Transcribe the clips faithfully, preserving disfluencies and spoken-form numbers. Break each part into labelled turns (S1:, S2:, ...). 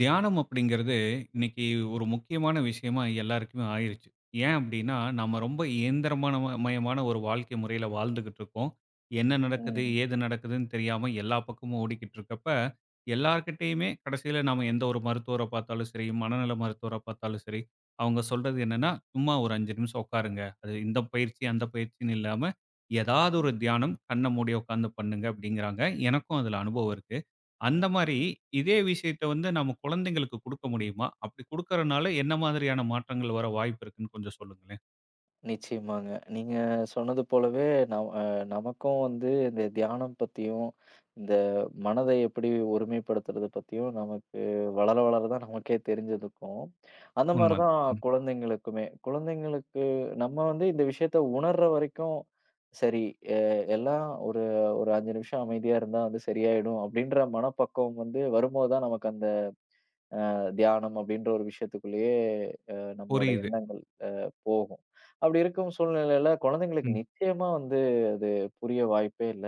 S1: தியானம் அப்டிங்கறது இன்னைக்கு ஒரு முக்கியமான விஷயமா எல்லாருக்குமே ஆயிருச்சு. ஏன் அப்டின்னா நாம ரொம்ப இயந்திரமான மயமான ஒரு வாழ்க்கை முறையில வாழ்ந்துட்டு இருக்கோம். என்ன நடக்குது,
S2: ம்.
S1: ஏது நடக்குதுன்னு, தெரியாம எல்லா பக்கமும் ஓடிக்கிட்டு இருக்கறப்ப எல்லார்கிட்டயுமே கடைசில நாம எந்த ஒரு மருத்துவர பார்த்தாலும் சரி, மனநல மருத்துவர பார்த்தாலும் சரி, அவங்க சொல்றது என்னன்னா, சும்மா ஒரு அஞ்சு நிமிஷம் உக்காருங்க, அது இந்த பயிற்சி, அந்த பயிற்சினு இல்லாம ஏதாவது ஒரு தியானம் கண்ண மூடி உக்கார்ந்து பண்ணுங்க அப்டிங்கறாங்க. எனக்கும் அதுல அனுபவம் இருக்கு அந்த
S2: ம்,
S1: மாரி
S2: ம்.
S1: அதே விஷயத்த வந்து நாம குழந்தைகளுக்கு குடுக்க முடியுமா, அப்டி குடுக்கறனால என்ன மாதிரியான மாற்றங்கள் வர வாய்ப்பு இருக்குனு கொஞ்சம் சொல்லுங்களேன்.
S2: நிச்சயமாங்க. நீங்க சொன்னது போலவே நம அ, நமக்கும் வந்து இந்த தியானம் பத்தியும், இந்த மனதை எப்படி ஒருமைபடுத்துறது பத்தியும் நமக்கு வளர வளர தான் நமக்கே தெரிஞ்சிதுக்கும். அந்த மாரி
S1: உண்ம,
S2: தான்
S1: ம்.
S2: குழந்தைகளுக்குமே. குழந்தைகளுக்கு நம்ம வந்து இந்த விஷயத்த உணர்ற வரைக்கும் சரி, எ எல்லாம் ஒரு, ஒரு அஞ்சு நிமிஷம் அமைதியா இருந்தா வந்து சரியாயிடும் அப்டின்ற மனப்பக்குவம் வந்து வருமோது தான் நமக்கு அந்த, அ, தியானம் அப்டின்ற ஒரு விஷயத்துக்குள்ளயே, அ, நம்மளுடைய
S1: புரியுது.
S2: எண்ணங்கள், அ, போகும். அப்டி இருக்கும் சூழ்நிலையில குழந்தைகளுக்கு
S1: ம்.
S2: நிச்சயமா வந்து அது புரிய வாய்ப்பே இல்ல.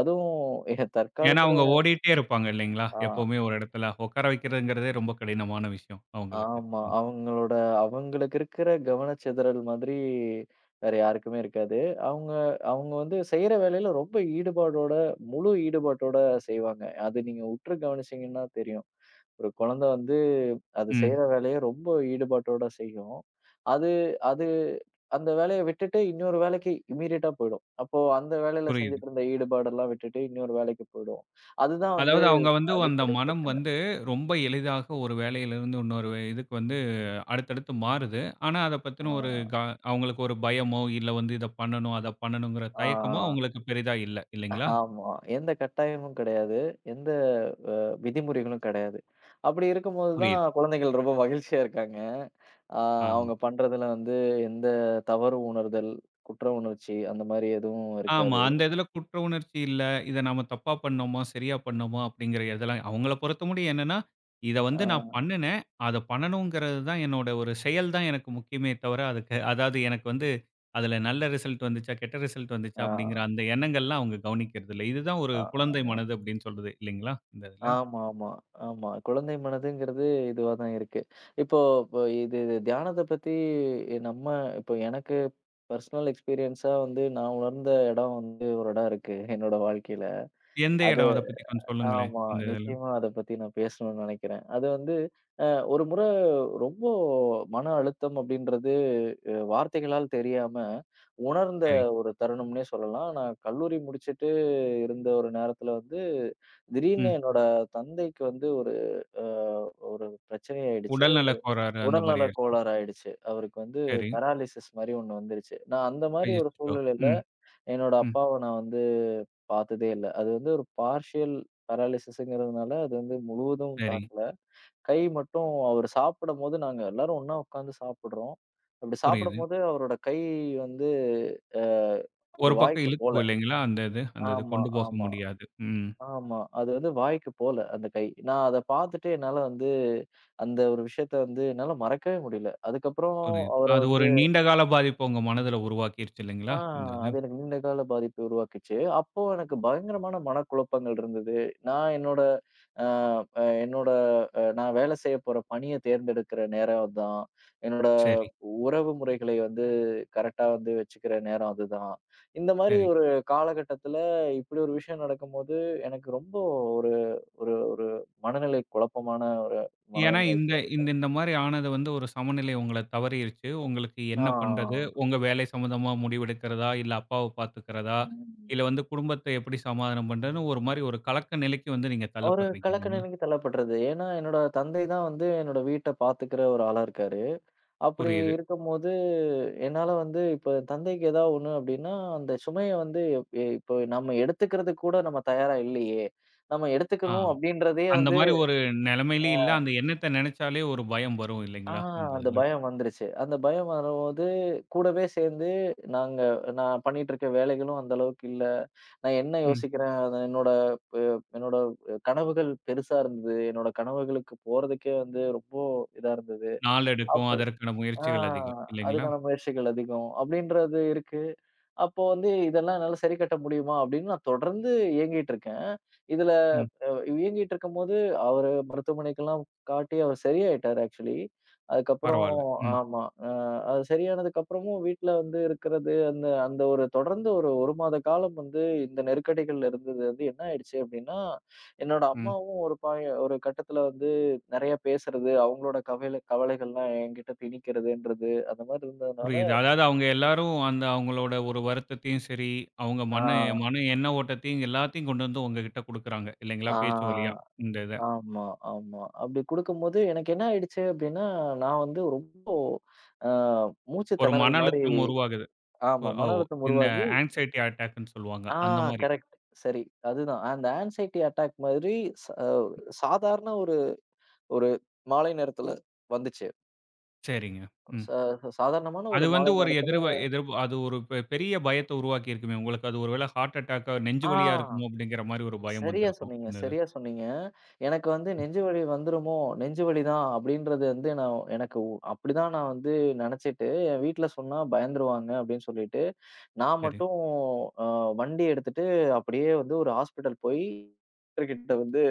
S2: அதுவும் இட
S1: ஏன்னா,
S2: தற்காலத்துல
S1: அவங்க ஓடிட்டே இருப்பாங்க இல்லைங்களா?
S2: ஆ. ஆ.
S1: எப்பவுமே ஒரு இடத்துல உட்கார வெக்கிறதுங்கறதே ரொம்ப கடினமான விஷயம் அவங்களுக்கு.
S2: ஆமா.
S1: ம்.
S2: அவங்களோட அவங்களுக்கு இருக்கிற கவனச்சிதறல் மாதிரி வேற யாருக்குமே இருக்காது. அவங்க, அவங்க வந்து செய்யற வேலையில ரொம்ப ஈடுபாடோட முழு ஈடுபாட்டோட செய்வாங்க. அது நீங்க உற்று கவனிச்சீங்கன்னா தெரியும். ஒரு குழந்தை வந்து, அது
S1: ம்.
S2: செய்யற வேலைய ரொம்ப ஈடுபாட்டோட செய்யும். அது அது அந்த வேலைய விட்டுட்டு இன்னொரு வேலைக்கு இம்மீடியட்டா போயிடும். அப்போ அந்த வேலையில
S1: புரியுது.
S2: செஞ்சிட்டு இருந்த ஈடுபாடுலாம் விட்டுட்டு இன்னொரு வேலைக்கு போயிடும். அதுதான் வந்து
S1: அதாவது அவங்க வந்து, அந்த
S2: அடிப்படை
S1: மனம்
S2: பிரச்சனை.
S1: வந்து ரொம்ப எளிதாக ஒரு வேலையிலிருந்து இன்னொரு இதுக்கு வந்து, அடுத்தடுத்து மாறுது. ஆனா, அத பத்தின ஒரு க
S2: ஆ.
S1: அவங்களுக்கு ஒரு பயமோ, இல்ல வந்து இத பண்ணனும், அத பண்ணனுங்கிற
S2: ஆ.
S1: தயக்கமோ
S2: ஆ.
S1: அவங்களுக்கு பெரிதா இல்ல. இல்லைங்களா?
S2: ஆமா. எந்த கட்டாயமும் கெடையாது, எந்த வ விதிமுறைகளும் கெடையாது. அப்டி இருக்கும்போது தான்
S1: புரியுது.
S2: குழந்தைகள் ரொம்ப மகிழ்ச்சியா இருக்காங்க அ,
S1: ஆம்.
S2: அவங்க பண்றதுல வந்து எந்த தவறு உணர்தல், குற்ற உணர்ச்சி, அந்த மாதிரி எதுவும்
S1: ஆமா.
S2: இருக்காது.
S1: அந்த இதுல குற்ற உணர்ச்சி இல்ல, இத நாம தப்பா பண்ணோமா சரியா பண்ணோமா அப்டிங்கிற எதெல்லாம் அவங்கள பொறுத்த மட்டும் என்னன்னா இத வந்து நான்
S2: ஆ.
S1: பண்ணுனேன், அத பண்ணனுங்கிறதுதான். என்னோட ஒரு செயல் தான் எனக்கு முக்கியமே தவிர அதுக்க அதாது எனக்கு வந்து அதுல நல்ல ரிசல்ட் வந்துச்சா கெட்ட ரிசல்ட் வந்துச்சா அப்டிங்கிற
S2: ஆ.
S1: அந்த எண்ணங்கள் எல்லாம் அவங்க கவனிக்கிறது இல்ல. இதுதான் ஒரு
S2: ஆ,
S1: குழந்தை
S2: ஆமா.
S1: மனது அப்டின்னு சொல்றது. இல்லைங்களா இந்த இதுல?
S2: ஆமா, ஆமா, ஆமா. குழந்தை மனதுங்கறது இதுவா தான் இருக்கு. இப்போ இது இது தியானத்த பத்தி நம்ம இப்போ எனக்கு பர்சனல் எக்ஸ்பீரியன்ஸா வந்து நான் உணர்ந்த எடம் வந்து ஒரு எடம் இருக்கு என்னோட வாழ்க்கையில.
S1: எந்த
S2: அத
S1: எடம் அத பத்தி கொஞ்சம் சொல்லுங்களேன்
S2: ஆமா.
S1: இந்த இதுல?
S2: நிச்சயமா, அத பத்தி நான் பேசணும்னு நெனைக்கிறேன் அது வந்து, ஆ, ஒரு முறை ரொம்ப மன அழுத்தம் அப்டின்றது வார்த்தைகளால் தெரியாம உணர்ந்த
S1: சரி.
S2: ஒரு தருணம்னே சொல்லலாம். நான் கல்லூரி முடிச்சுட்டு இருந்த ஒரு நேரத்துல வந்து திடீர்னு
S1: ம்.
S2: என்னோட தந்தைக்கு வந்து ஒரு அ, ஒரு பிரச்சனையாயிடுச்சு,
S1: உடல்நல கோளாறு அந்த மாதிரி
S2: உடல்நல
S1: ஆயிருக்கு.
S2: கோளாறு ஆயிடுச்சு. அவருக்கு வந்து
S1: சரி.
S2: பெராலிசிஸ் மாரி ஒண்ணு வந்துருச்சு. நான் அந்த மாரி ஒரு
S1: [unintelligible]
S2: சூழ்நிலையில
S1: ம்,
S2: என்னோட
S1: ம்.
S2: அப்பாவ நான் வந்து பாத்ததே இல்ல. அது வந்து ஒரு பார்ஷியல் பெராலிசிஸ்ங்கறதுனால அது வந்து முழுவதும்
S1: சரி.
S2: தாக்கல. கை மட்டும் அவரு சாப்பிடும்போது நாங்க எல்லாரும் ஒண்ணா உக்காந்து சாப்பிடுறோம். அப்டி
S1: புரியுது.
S2: சாப்பிடும்போது அவரோட கை வந்து அ, அவரு
S1: ஒரு பக்கம்
S2: வாய்க்கு போகல.
S1: இழுத்துக்கும் இல்லைங்களா அந்த இது? அந்த இது
S2: ஆமா,
S1: கொண்டு போக
S2: ஆமா,
S1: முடியாது. ம்.
S2: ஆமா. அது வந்து வாய்க்கு போல அந்த கை நான் அத பாத்துட்டு என்னால வந்து அந்த ஒரு விஷயத்த வந்து என்னால மறக்கவே முடில. அதுக்கப்பறம்
S1: புரியுது.
S2: அவர
S1: அது
S2: வந்து
S1: ஒரு நீண்டகால பாதிப்பு உங்க மனதுல உருவாக்கிருச்சு
S2: ஆ,
S1: இல்லைங்களா இந்த இது?
S2: அது எனக்கு நீண்ட கால பாதிப்ப உருவாக்குச்சு. அப்போ எனக்கு பயங்கரமான மனக்குழப்பங்கள் இருந்தது. நான் என்னோட ஆ, ஆ, என்னோட அ, நான் வேலை செய்யப்போற பணிய தேர்ந்தெடுக்கிற நேரம் அதுதான். என்னோட அ,
S1: சரி.
S2: உறவு முறைகளை வந்து கரெக்டா வந்து வெச்சுக்கிற நேரம் அதுதான். இந்த மாதிரி
S1: சரி.
S2: ஒரு காலகட்டத்துல இப்படி ஒரு விஷயம் நடக்கும்போது எனக்கு ரொம்ப ஒரு ஒரு ஒரு மனநிலை குழப்பமான ஒரு
S1: ஏன்னா,
S2: மனநிலைக்கு
S1: இந்த
S2: ஆயிட்டேன்.
S1: இந்த மாரி ஆனது வந்து ஒரு சமநிலை உங்களை தவறியிருச்சு. உங்களுக்கு
S2: ஆ,
S1: என்ன பண்றது,
S2: ஆ.
S1: உங்க வேலை சம்பந்தமா முடிவெடுக்கிறதா, இல்ல அப்பாவ பாத்துக்கிறதா,
S2: ம்.
S1: இல்ல வந்து குடும்பத்தை எப்டி சமாதானம் பண்றதுன்னு ஒரு மாரி ஒரு கலக்க நிலைக்கு வந்து நீங்க
S2: ஒரு
S1: தள்ளப்படுறீங்க.
S2: கலக்க
S1: இல்லைங்களா?
S2: நிலைக்கு தள்ளப்பட்றது. ஏன்னா, என்னோட தந்தை தான் வந்து என்னோட வீட்ட பாத்துக்கிற ஒரு ஆளா இருக்காரு. அப்டி
S1: புரியுது.
S2: இருக்கும்போது என்னால வந்து இப்ப தந்தைக்கு ஏதாவது ஒண்ணு அப்டின்னா, அந்த சுமைய வந்து இப்ப நாம எடுத்துக்கறதுக்கு கூட நாம தயாரா இல்லையே, நாம எடுத்துக்கணும்
S1: ஆம்.
S2: அப்டின்றதே
S1: அந்த
S2: வந்து
S1: மாரி ஒரு நிலைமையிலயே இல்ல.
S2: ஆ.
S1: அந்த எண்ணத்தை நினைச்சாலே ஒரு பயம் வரும்
S2: ஆ.
S1: இல்லைங்களா அந்த
S2: அந்த
S1: இதுல?
S2: பயம் வந்துருச்சு. அந்த பயம் வரும்போது கூடவே சேர்ந்து நாங்க நான் பண்ணிட்டு இருக்க வேலைகளும் அந்த அளவுக்கு இல்ல. நான் என்ன
S1: ம்.
S2: யோசிக்கிறேன் என்னோட ப என்னோட கனவுகள் பெருசா இருந்தது. என்னோட கனவுகளுக்கு போறதுக்கே வந்து ரொம்ப இதா இருந்தது.
S1: நாள் எடுக்கும்
S2: அப்டி
S1: அதற்கான
S2: ஆ,
S1: முயற்சிகள் அதிகம் இல்லைங்களா?
S2: அதுக்கான முயற்சிகள் அதிகம் அப்டின்றது இருக்கு. அப்போ வந்து இதெல்லாம் என்னால சரி கட்ட முடியுமா அப்டின்னு நான் தொடர்ந்து இயங்கிட்டு இருக்கேன். இதுல
S1: ம்.
S2: இயங்கிட்டு இருக்கும்போது அவர மருத்துவமனைக்கெல்லாம் காட்டி அவரு சரியாயிட்டாரு ஆக்சுவலி. அதுக்கப்பறம்
S1: பரவால்ல, ம்.
S2: ஆமா. ம். அவரு சரியானதுக்கப்பறமும் வீட்ல வந்து இருக்குறது அந்த அந்த ஒரு தொடர்ந்து ஒரு ஒரு மாதகாலம் வந்து இந்த நெருக்கடிகள்ல இருந்தது வந்து என்ன ஆயிடுச்சு அப்டின்னா, என்னோட
S1: ம்.
S2: அம்மாவும் ஒரு பாய ஒரு கட்டத்துல வந்து நெறையா பேசுறது அவங்களோட கவில கவலைகள்ளாம் என்கிட்ட திணிக்கிறதுன்றது அந்த மாதிரி இருந்ததுனால
S1: புரியுது. அதாவது அவங்க எல்லாரும் அந்த அவங்களோட ஒரு வருத்தத்தையும் சரி, அவங்க
S2: ஆ.
S1: மன மன எண்ண ஓட்டத்தையும் எல்லாத்தையும் கொண்டு வந்து உங்ககிட்ட குடுக்குறாங்க. இல்லைங்களா
S2: ஆ,
S1: பேச்சு வழியா
S2: ஆ.
S1: இந்த இத?
S2: ஆமா, ஆமா. அப்டி குடுக்கும்போது எனக்கு என்னாயிடுச்சு அப்டின்னா, நான் வந்து ரொம்ப அ,
S1: ஒரு
S2: மூச்சுத்திணறல்
S1: மன
S2: மாரி
S1: அழுத்தம் உருவாகுது.
S2: ஆமா.
S1: ஒரு ஓ
S2: மன அழுத்தம்
S1: இந்த
S2: உருவாகி
S1: ஆங்சைட்டி அட்டாக்னு சொல்லுவாங்க
S2: ஆ,
S1: அந்த மாரி.
S2: கரெக்ட், சரி அதுதான். அந்த ஆங்சைட்டி அட்டாக் மாரி, சா சாதாரண ஒரு ஒரு மாலை நேரத்துல வந்துச்சு.
S1: சரிங்க. ம்.
S2: சா சாதாரணமான ஒரு
S1: அது வந்து
S2: மாலை
S1: ஒரு
S2: நேரத்துல
S1: எதிர் எதிர் அது ஒரு பெ பெரிய பயத்தை உருவாக்கி இருக்குமே உங்களுக்கு. அது ஒருவேளை ஹார்ட் அட்டாக் நெஞ்சு
S2: அ.
S1: வலியா இருக்குமோ அப்படிங்கற மாரி ஒரு பயம்
S2: சரியா
S1: வந்திருக்கும்
S2: சொன்னீங்க,
S1: இந்த இது.
S2: சரியா சொன்னீங்க. எனக்கு வந்து
S1: ம்.
S2: நெஞ்சு வலி வந்துருமோ? நெஞ்சு வலி தான். அப்படிங்கறது வந்து நான் எனக்கு அப்படி தான். நான் வந்து நினைச்சுட்டு வீட்டுல சொன்னா பயந்துருவாங்க அப்படின்னு சொல்லிட்டு, நான்
S1: சரி.
S2: மட்டும் அ, வண்டி எடுத்துட்டு அப்படியே வந்து ஒரு ஹாஸ்பிட்டல் போய் டாக்டர் கிட்ட வந்து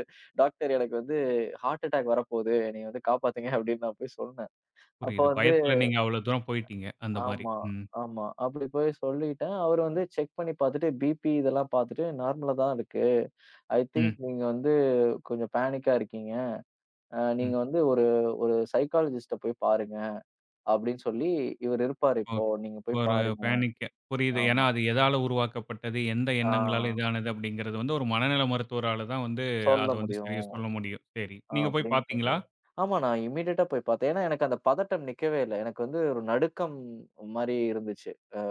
S2: டாக்டர் எனக்கு வந்து ஹார்ட் அட்டாக் வரப்போகுது. என்னைய வந்து காப்பாத்துங்க, அப்படின்னு, நான் போய்ச் சொன்னேன். அப்போ,
S1: புரியுது.
S2: வந்து
S1: பயத்துல நீங்க அவ்வளவு தூரம் போயிட்டீங்க. அந்த மாரி,
S2: ஆமா
S1: ம்.
S2: ஆமா அப்படி போய்ச் சொல்லிட்டேன். அவரு வந்து செக் பண்ணி பாத்துட்டு பிபி இதெல்லாம் பாத்துட்டு நார்மலாதான் இருக்கு. ஐ திங்க்,
S1: ம்.
S2: நீங்க வந்து கொஞ்சம் பேனிக்கா இருக்கீங்க. அ, நீங்க
S1: ம்.
S2: வந்து ஒரு ஒரு சைகலிஸ்ட்டா போய் பாருங்க அப்படின்னு சொல்லி இவரு இருப்பாரு. இப்போ
S1: ஓகே
S2: நீங்கப் போய்ப்
S1: ஒரு
S2: பாருங்க.
S1: பேனிக் புரியுது. ஏன்னா,
S2: ஆமா.
S1: அது எதால உருவாக்கப்பட்டது, எந்த
S2: அ.
S1: எண்ணங்களால் இது ஆனது, அப்படிங்கறது வந்து ஒரு மனநிலை மருத்துவரால தான் வந்து,
S2: சொல்ல
S1: அதை வந்து
S2: முடியும்.
S1: சரியா சொல்ல முடியும். சரி. நீங்க போய்
S2: அப்படின்னு, சொல்லி
S1: பாத்தீங்களா?
S2: ஆமா. நான் இம்மீடியெட்டா போய் பாத்தேன். எனக்கு அந்த பதட்டம் நிக்கவே இல்ல. எனக்கு வந்து ஒரு நடுக்கம் மாரி இருந்துச்சு. அ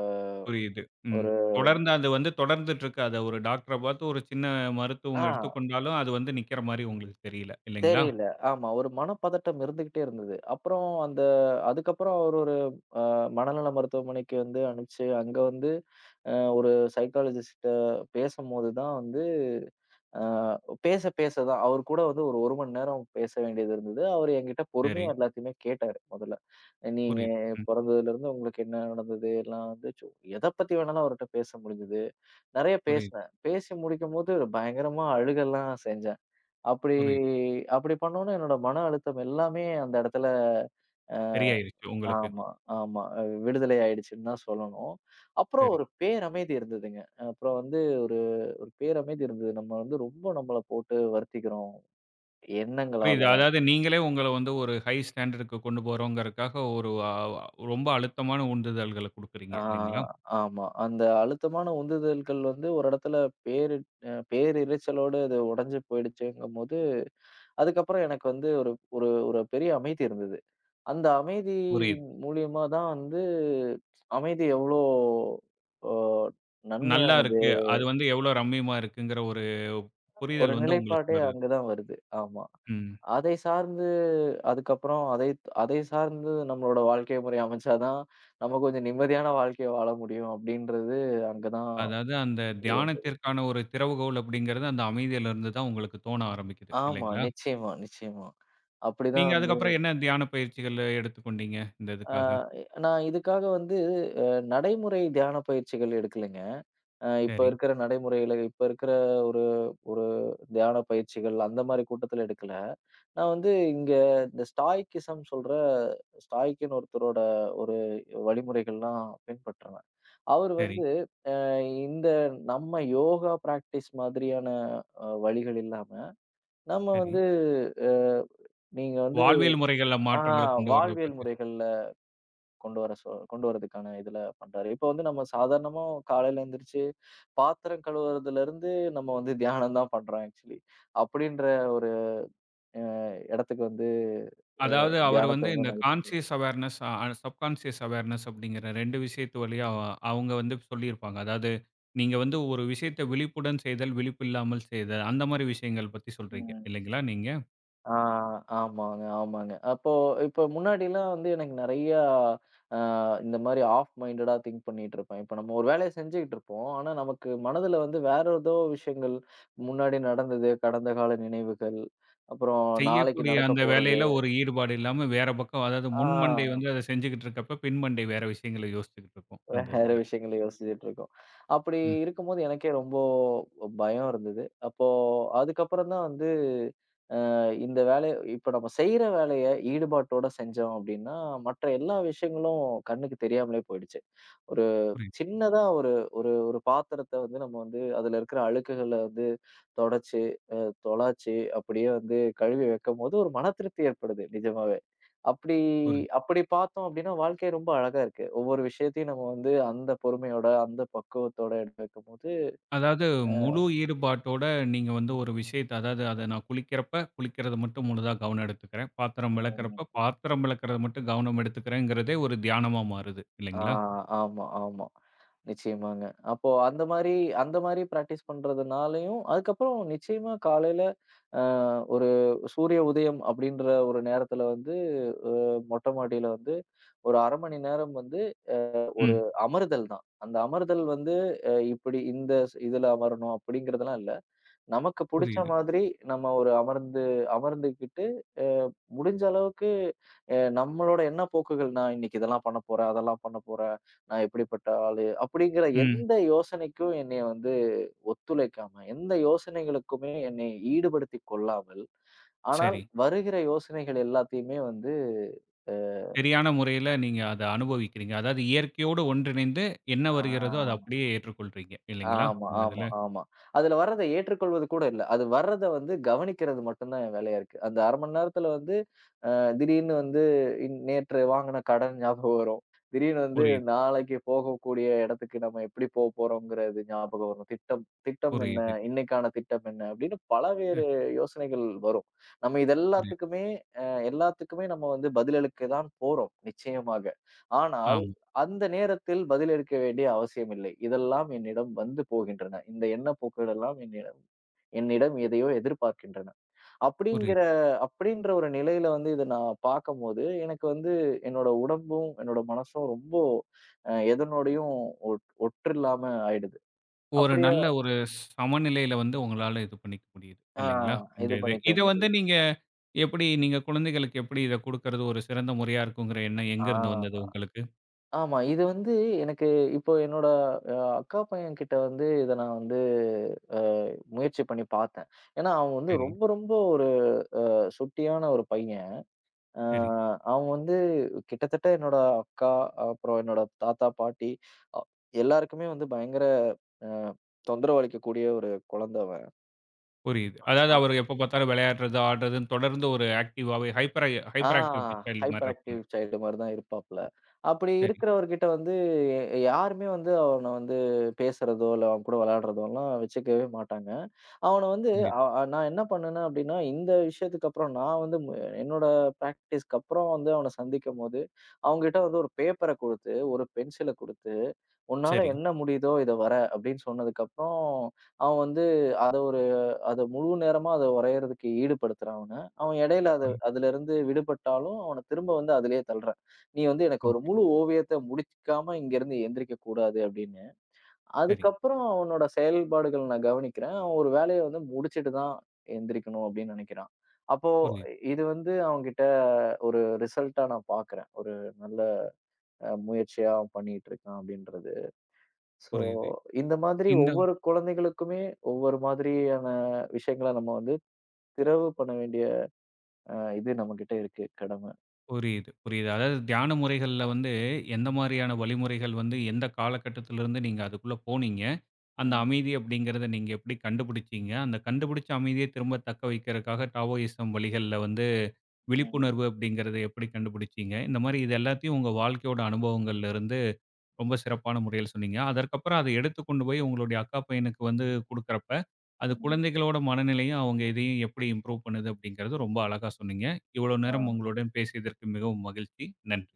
S1: புரியுது. ம்.
S2: ஒரு
S1: தொடர்ந்து அது வந்து தொடர்ந்துட்டு இருக்கு. அதை ஒரு டாக்டர பார்த்து ஒரு சின்ன மருத்துவம் எடுத்து
S2: ஆ.
S1: கொண்டாலும், அது வந்து நிக்கற மாரி உங்களுக்கு தெரியல. இல்லைங்களா?
S2: தெரியல, ஆமா, ஒரு மனப்பதட்டம் இருந்துகிட்டே இருந்தது. அப்புறம், அந்த அதுக்கப்புறம் அவர் ஒரு அ மனநல மருத்துவமனைக்கு வந்து அனுப்பிச்சு, அங்க வந்து அ ஒரு சைகலிஸ்ட் பேசும்போது தான் வந்து அ, பேச பேச தான் அவர் கூட வந்து ஒரு ஒரு மணி நேரம் பேச வேண்டியது இருந்தது. அவரு, என்கிட்ட
S1: சரி.
S2: பொறுமையா எல்லாத்தையுமே கேட்டாரு. முதல்ல, நீங்க
S1: புரியுது. ம்.
S2: பொறந்ததுலருந்து உங்களுக்கு என்ன நடந்தது எல்லாம், வந்து சோ எதை பத்தி வேணாலும் அவர் கிட்ட பேச முடிஞ்சது நிறைய
S1: புரியு
S2: பேசுனேன். பேசி முடிக்கும் போது பயங்கரமா அழுகலாம் செஞ்சேன். அப்படி
S1: புரியுது.
S2: அப்படி பண்னோனே என்னோட மன அழுத்தம் எல்லாமே அந்த இடத்துல அ,
S1: சரி, ஆயிருச்சு உங்களுக்கு.
S2: ஆமா, ஆமா விடுதலை ஆயிடுச்சுன்னு தான் சொல்லணும். அப்புறம்,
S1: சரி.
S2: ஒரு பேரமைதி இருந்ததுங்க. அப்புறம், வந்து ஒரு ஒரு பேரமைதி இருந்தது. நம்ம, வந்து ரொம்ப நம்மள போட்டு வருத்திக்கிறோம் எண்ணங்களால.
S1: புரியுது. அதாவது, நீங்களே உங்களை வந்து ஒரு ஹை ஸ்டாண்டர்டுக்கு கொண்டு போறவங்கருக்காக ஒரு அ ரொம்ப அழுத்தமான உந்துதல்களை குடுக்குறீங்க.
S2: அ,
S1: இல்லைங்களா?
S2: ஆமா. அந்த அழுத்தமான உந்துதல்கள் வந்து ஒரு இடத்துல பேரு அ பேரிருச்சலோட உடைஞ்சு போயிடுச்சேங்கும்போது. அதுக்கப்புறம் எனக்கு வந்து ஒரு ஒரு பெரிய அமைதி இருந்தது. அந்த அமைதி
S1: புரியுது.
S2: மூலியமா தான் வந்து அமைதி எவ்ளோ அ
S1: நல்லா
S2: நன்மையானது
S1: இருக்கு. அது வந்து எவ்வளோ ரம்மியமா இருக்குங்குற ஒரு
S2: ஒரு,
S1: புரிதல் வந்து உங்களுக்கு
S2: நிலைப்பாடே
S1: வருது.
S2: அங்க தான் வருது. ஆமா,
S1: ம்.
S2: அதை சார்ந்து அதுக்கப்புறம் அதை அதை சார்ந்து நம்மளோட வாழ்க்கை முறை அமைச்சா தான், நம்ம கொஞ்சம் நிம்மதியான வாழ்க்கை வாழ முடியும், அப்படின்றது அங்க தான்
S1: அதாவது, அந்த
S2: புரிய வந்தது.
S1: தியானத்திற்கான ஒரு திறவுகோல் அப்படிங்கறது அந்த அமைதியிலிருந்து தான் உங்களுக்கு தோண ஆரம்பிக்குது.
S2: ஆமா.
S1: இல்லைங்களா?
S2: நிச்சயமா, நிச்சயமா. அப்படி தான்
S1: நீங்க,
S2: வந்து
S1: அதுக்கப்புறம் என்ன தியான பயிற்சிகள் எடுத்து கொண்டிங்க, இந்த
S2: அ,
S1: இதுக்காக?
S2: நான் இதுக்காக வந்து அ நடைமுறை தியான பயிற்சிகள் எடுக்கலைங்க. அ, இப்ப
S1: சரி.
S2: இருக்கற நடைமுறைல இப்போ இருக்கற ஒரு ஒரு தியான பயிற்சிகள் அந்த மாரி கூட்டத்துல எடுக்கல, நான் வந்து இங்க இந்த ஸ்டாய்கிசம் சொல்ற ஸ்டாய்க்ன்னு ஒருத்தரோட ஒரு வழிமுறைகள்லாம் பின்பற்றுவேன். அவரு.
S1: சரி.
S2: வந்து அ இந்த நம்ம யோகா ப்ராக்ட்டிஸ் மாதிரியான அ வழிகள் இல்லாம, நம்ம
S1: சரி.
S2: வந்து அ, நீங்க வந்து
S1: வாழ்வியல் முறைகள
S2: அ,
S1: மாற்றங்கள் கொண்டுவரத
S2: வாழ்வியல்
S1: பத்தி
S2: முறைகள்ள கொண்டு வர சொ கொண்டுவருவதற்கான இதுல பண்றாரு. இப்போ வந்து நம்ம சாதாரணமா காலையில எந்திரிச்சு பாத்திரம் கழுவுறதுல இருந்து நம்ம வந்து தியானம் தான் பண்றோம் ஆக்ச்சுவலி அப்படின்ற ஒரு அ, இடத்துக்கு வந்து அ
S1: அதாவது, அவரு
S2: தியானத்தை
S1: வந்து இந்த
S2: வந்து.
S1: அ
S2: [unintelligible]
S1: கான்ஷியஸ் அவார்னஸ் சப்கான்ஷியஸ் அவார்னஸ் அப்டிங்கற, ரெண்டு விஷயத்து வழிய அவங்க வந்து சொல்லி இருப்பாங்க. அதாவது, நீங்க வந்து ஒரு விஷயத்த விழிப்புடன் செய்தல், விழிப்பில்லாமல் செய்தல் அந்த மாரி விஷயங்கள் பத்தி சொல்றிங்க
S2: ம்.
S1: இல்லைங்களா, நீங்க?
S2: ஆ, ஆமாங்க, ஆமாங்க. அப்போ இப்போ முன்னாடிலாம் வந்து எனக்கு நிறைய அ, இந்த மாரி ஆஃப் மைன்டேடா திங் பண்ணிக்கிட்டு இருப்பேன். இப்போ, நம்ம ஒரு வேலையை செஞ்சுகிட்டு இருப்போம். ஆனா, நமக்கு மனதுல வந்து வேற ஏதோ விஷயங்கள் முன்னாடி நடந்தது, கடந்தகால நினைவுகள், அப்புறம்
S1: செய்ய
S2: நாளைக்கு
S1: கூடிய, அந்த
S2: நடக்கப்போறது
S1: வேலைல ஒரு ஈடுபாடு இல்லாம வேற பக்கம், அதாவது
S2: ஆ.
S1: முன் மண்டைய அது செஞ்சுகிட்டு இருக்கறப்ப, பின் மண்டை வேற விசயங்கள யோச்சிட்டு இருக்கும். அந்த
S2: வேற,
S1: இதுல.
S2: விஷயங்களை யோசிச்சிட்டு இருக்கோம். அப்படி,
S1: ம்.
S2: இருக்கும்போது எனக்கே ரொம்ப பயம் இருந்தது. அப்போ, அதுக்கப்புறம் தான் வந்து அ, இந்த வேலை இப்போ, நாம செய்ற வேலையை ஈடுபாட்டோட செஞ்சோம், அப்படின்னா, மற்ற எல்லா விஷயங்களும் கண்ணுக்கு தெரியாமலேயே போயிடுச்சு. ஒரு
S1: புரி
S2: சின்னதா ஒரு ஒரு ஒரு பாத்திரத்தை வந்து நம்ம வந்து அதுல இருக்குற அழுக்குகள வந்து தொடச்சு, துலச்சு, அப்படியே, வந்து கழுவி வைக்கும்போது ஒரு மனதிருப்தி ஏற்படுது. நிஜமாவே, அப்படி
S1: புரி
S2: அப்படி பாத்தோம். அப்படின்னா, வாழ்க்கை ரொம்ப அழகா இருக்கு. ஒவ்வொரு, விஷயத்தையும் நம்ம வந்து அந்த பொறுமையோட அந்த பக்குவத்தோட வைக்கும்போது
S1: அதாவது,
S2: அ.
S1: முழு ஈடுபாட்டோட நீங்க வந்து ஒரு விஷயத்த அதாது, அது நான் குளிக்கரப்ப குளிக்கறது மட்டும் முழுதா கவனம் எடுத்துக்குறேன் பாத்தரம்
S2: [unintelligible]
S1: வெளக்கறப்ப, பாத்தரம் வெளக்கறது, மட்டும் கவனம் எடுத்துக்குறேன்றதே ஒரு தியானமா மாறுது,
S2: அ,
S1: இல்லைங்களா?
S2: ஆமா, ஆமா. நிச்சயமாங்க. அப்போ, அந்த மாரி அந்த மாரி ப்ராக்டீஸ் பண்றதுனாலயும் அதுக்கப்புறம், நிச்சயமா காலையில அ, ஒரு சூரிய உதயம் அப்படிங்கற ஒரு நேரத்துல வந்து, அ மொட்டைமாடியில வந்து ஒரு அரை மணி நேரம் வந்து அ, ஒரு
S1: ம்.
S2: அமர்தல் தான். அந்த அமர்தல் வந்து அ, இப்படி இந்த ஸ் இதுல அமரனும் அப்படிங்கறதெல்லாம் இல்ல. நமக்கு புடிச்ச
S1: புரியுது,
S2: மாரி நம்ம ஒரு அமர்ந்து அமர்ந்துகிட்டு அ, முடிஞ்ச அளவுக்கு நம்மளோட என்ன போக்குகள் நான், இன்னைக்கு இதெல்லாம் பண்ணப்போறேன், அதெல்லாம் பண்ணப்போறேன், நான் எப்படிப்பட்ட ஆளு அப்படிங்கற எந்த
S1: ம்.
S2: யோசனைக்கும் என்னைய வந்து ஒத்துழைக்காம, எந்த யோசனைகளுக்குமே என்னைய ஈடுபடுத்திக் கொள்ளாமல், ஆனால்
S1: சரி.
S2: வருகிற யோசனைகள் எல்லாத்தையுமே வந்து அ.
S1: சரியான முறைல நீங்க அத அனுபவிக்கிறீங்க. அதாது இயற்கையோடு ஒன்றிணைந்து என்ன
S2: ஆ.
S1: வருகிறதோ அதை அப்படியே ஏற்றுகொள்வீங்க. இல்லைங்களா,
S2: ஆமா,
S1: இந்த
S2: ஆமா,
S1: இதுல?
S2: ஆமா. அதுல வர்றதை ஏற்றுக்கொள்வது கூட இல்ல. அது வர்றத வந்து கவனிக்கிறது மட்டும்தான் வேலையா இருக்கு. அந்த அரை மணி நேரத்துல வந்து அ, திடீர்னு வந்து இன் நேத்து வாங்குன கடன் ஞாபகம் வரும், திடீர்னு வந்து
S1: புரியிது.
S2: நாளைக்கு போகக்கூடிய இடத்துக்கு நம்ம எப்படி போபோறோங்குறது ஞாபகம் வரும். திட்டம் திட்டம் என்ன,
S1: புரியிது.
S2: இன்னைக்கான திட்டம் என்ன? அப்படின்னு பல வேறு
S1: அ.
S2: யோசனைகள் வரும். நம்ம
S1: புரி
S2: இதெல்லாத்துக்குமே அ, எல்லாத்துக்குமே நம்ம வந்து பதில் எடுக்கத் தான் போறோம் நிச்சயமாக. ஆனால்,
S1: ஆம்.
S2: அந்த நேரத்தில் பதில் இருக்க வேண்டிய அவசியம் இல்லை. இதெல்லாம் என்னிடம் வந்து போகின்றன. இந்த எண்ணப்போக்குகள் எல்லாம் என்னிடம் என்னிடம் எதையோ எதிர்பார்க்கின்றன. அப்படிங்கிற
S1: புரிது.
S2: அப்படின்ற ஒரு நிலையில வந்து இத நான் பார்க்கும்போது எனக்கு வந்து என்னோட உடம்பும், என்னோட மனசும் ரொம்ப அ எதனோடயும் ஒட்று இல்லாம ஆயிடுது.
S1: ஒரு,
S2: அப்படியே
S1: நல்ல ஒரு சமநிலைல வந்து உங்களால இது பண்ணிக்க முடியுது.
S2: அ,
S1: இல்லைங்களா, இந்த
S2: இது
S1: இது
S2: பண்ணிக்க
S1: இது வந்து,
S2: முடியுது.
S1: நீங்க எப்படி நீங்க குழந்தைகளுக்கு எப்படி இதை கொடுக்கறது, ஒரு சிறந்த முறையா இருக்குங்கிற எண்ணம்
S2: அ,
S1: எங்கிருந்து வந்தது உங்களுக்கு?
S2: ஆமா. இது வந்து எனக்கு இப்போ, என்னோட அ அக்கா பையங்கிட்ட வந்து இத நான், வந்து அ முயற்சி பண்ணி பாத்தேன். ஏன்னா, அவன் வந்து
S1: சரி.
S2: ரொம்ப ரொம்ப ஒரு அ, சுட்டியான ஒரு பையன். அ,
S1: சரி.
S2: அவன் வந்து கிட்டத்தட்ட என்னோட அக்கா, அப்புறம் என்னோட தாத்தா, பாட்டி அ எல்லாருக்குமே வந்து பயங்கர அ, தொந்தரவு அளிக்கக்கூடிய ஒரு குழந்தை அவன்.
S1: புரியுது. அதாவது
S2: அ.
S1: அவரு எப்ப பாத்தாலும் விளையாடுறது, ஆடுறதுன்னு தொடர்ந்து ஒரு ஆக்ட்டிவாவே ஹைப்பரை
S2: ஆ
S1: ஹைப்பர் ஆக்ட்டிவ் [unintelligible] சைல்டு மாரி
S2: ஹைப்பர்
S1: இருப்பாங்க.
S2: ஆக்டிவ் சைல்டு மாரிதான் இருப்பாப்புல. அப்படி
S1: சரி.
S2: இருக்கிறவர்கிட்ட வந்து, யாருமே வந்து அவன வந்து பேசுறதோ, இல்ல அவன்கூட விளையாடுறதோலாம் வெச்சுக்கவே மாட்டாங்க. அவன வந்து
S1: புரியுது.
S2: அ அ நான் என்ன பண்ணேன்னா அப்படின்னா, இந்த விஷயத்துக்கப்புறம் நான் வந்து ம் என்னோட பிராக்டிஸ்க்கு அப்புறம் வந்து அவன சந்திக்கும்போது, அவன்கிட்ட வந்து ஒரு பேப்பர குடுத்து, ஒரு பென்சில குடுத்து, "உன்னால
S1: சரி.
S2: என்ன முடியுதோ இத வர" அப்படின்னு சொன்னதுக்கப்புறம், அவன் வந்து அத ஒரு அத முழு நேரமா அத வரையறதுக்கு ஈடுபடுத்துறேன் அவன. அவன் இடையில அது அதுலருந்து விடுபட்டாலும், அவனத் திரும்ப வந்து அதுலயே தள்றேன். "நீ வந்து எனக்கு ஒரு
S1: ஓகே.
S2: முழு ஓவியத்த முடிச்சுக்காம இங்கருந்து எந்திரிக்கக் கூடாது." அப்படின்னு.
S1: சரி.
S2: அதுக்கப்புறம் அவனோட செயல்பாடுகள் நான் கவனிக்கிறேன், "அவன் ஒரு வேலைய வந்து முடிச்சிட்டுதான் எந்திரிக்கணும்." அப்டின்னு நெனைக்குறான். அப்போ
S1: புரியுது.
S2: இது வந்து அவன்கிட்ட ஒரு ரிசல்டா நான் பாக்குறேன். ஒரு நல்ல அ முயற்சியா அவன் பண்ணிட்டு இருக்கான் அப்படின்றது. சோ,
S1: புரியுது.
S2: இந்த மாதிரி
S1: இந்த
S2: ஒவ்வொரு குழந்தைகளுக்குமே, ஒவ்வொரு மாதிரியான விஷயங்கள நம்ம வந்து திறவு பண்ண வேண்டிய அ இது நம்மகிட்ட இருக்கு கடமை.
S1: புரியுது புரியுது. அதாவது தியான முறைகள்ல வந்து, எந்த மாரியான வழிமுறைகள் வந்து, எந்த காலகட்டத்துலருந்து நீங்க அதுக்குள்ள போனீங்க? அந்த
S2: ம்.
S1: அமைதி அப்படிங்கிறத நீங்க எப்படி கண்டுபுடிச்சீங்க? அந்த கண்டுபிடிச்ச அமைதிய திரும்ப தக்க வைக்கறதுக்காக டாவோயிசம் வழிகள்ல வந்து,
S2: ம்.
S1: விழிப்புணர்வு அப்படிங்கிறத எப்படி கண்டுபுடிச்சீங்க? இந்த மாரி இது எல்லாத்தையும் உங்க வாழ்க்கையோட அனுபவங்கள்ல இருந்து ரொம்ப
S2: ம்.
S1: சிறப்பான முறையில் சொன்னீங்க. அதற்கப்புறம் அத எடுத்துக்கொண்டு போய் உங்களுடைய அக்கா பையனுக்கு வந்து குடுக்கறப்ப, அது
S2: ம்ஹ்ம்.
S1: குழந்தைகளோட மனநிலையும், அவங்க இதையும் எப்படி இம்ப்ரூவ் பண்ணுது அப்படிங்கிறத ரொம்ப அழகா சொன்னீங்க. இவ்வளோ நேரம்
S2: ஆ.
S1: உங்களுடன் பேசியதற்கு மிகவும் மகிழ்ச்சி. நன்றி.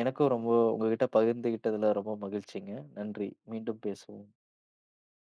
S2: எனக்கும் ரொம்ப உங்ககிட்ட பகிர்ந்துக்கிட்டதுல ரொம்ப மகிழ்ச்சிங்க. நன்றி. மீண்டும் பேசுவோம்.